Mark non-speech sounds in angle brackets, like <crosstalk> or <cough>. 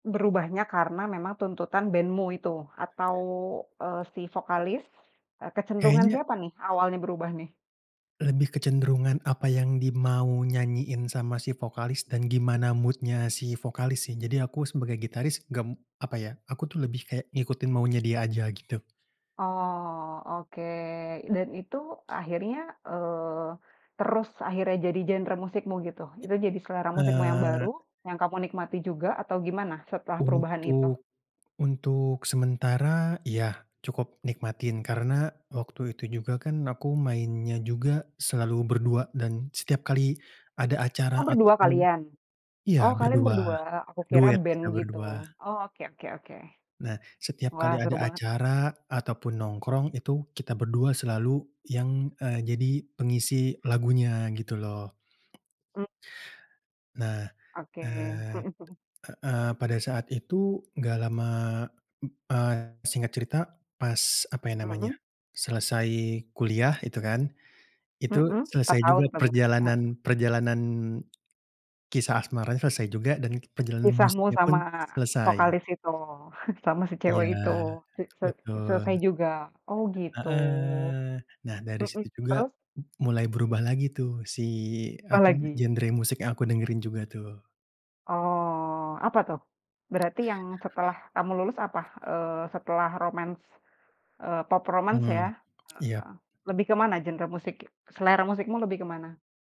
Berubahnya karena memang tuntutan bandmu itu, atau, eee, si vokalis, e kecenderungan Kayaknya siapa nih, awalnya berubah nih? lebih kecenderungan apa yang di mau nyanyiin sama si vokalis dan gimana mood-nya si vokalis sih. Jadi aku sebagai gitaris, gem apa ya, aku tuh lebih kayak, ngikutin maunya dia aja gitu. Oh, oke, dan itu akhirnya, eee, terus akhirnya jadi genre musikmu gitu? I Itu jadi selera musikmu yang eee baru, yang kamu nikmati juga, atau gimana setelah perubahan itu? Untuk untuk sementara, iya cukup nikmatin karena waktu itu juga kan aku mainnya juga selalu berdua dan setiap kali ada acara Oh, berdua ataupun kalian? Oh, iya kalian berdua, berdua, aku kira duet band, kita gitu. berdua. Oh, oke oke oke. Nah, setiap Wah, kali seru ada banget. acara ataupun nongkrong itu kita berdua selalu yang, eee, jadi pengisi lagunya, gitu loh. Mmm. Nah, Oke, eee, mhm mhm. heeh, pada saat itu nggak lama, m eee, singkat cerita pas, apa ya namanya, Mhm? selesai kuliah itu kan, itu Mhm, 4 selesai tahun juga terbaik heeh. perjalanan perjalanan kisah asmaranya selesai juga, dan perjalanan Kisahmu musiknya pun sama selesai. vokalis itu, <chuckles> sama si Iya, cewek itu, sik se betul. selesai juga. Oh, gitu. Heeh. Nah, dari Mhm, situ juga, terus? m mulai Iya. berubah lagi tuh si, apa namanya, Apalagi? genre musik yang aku dengerin juga tuh. Oh, apa tuh? Berarti yang setelah kamu lulus apa, eee, setelah romance, eee, pop romance Hmm, ya? iyap. Heeh, lebih kemana genre musik selera musikmu lebih ke mana?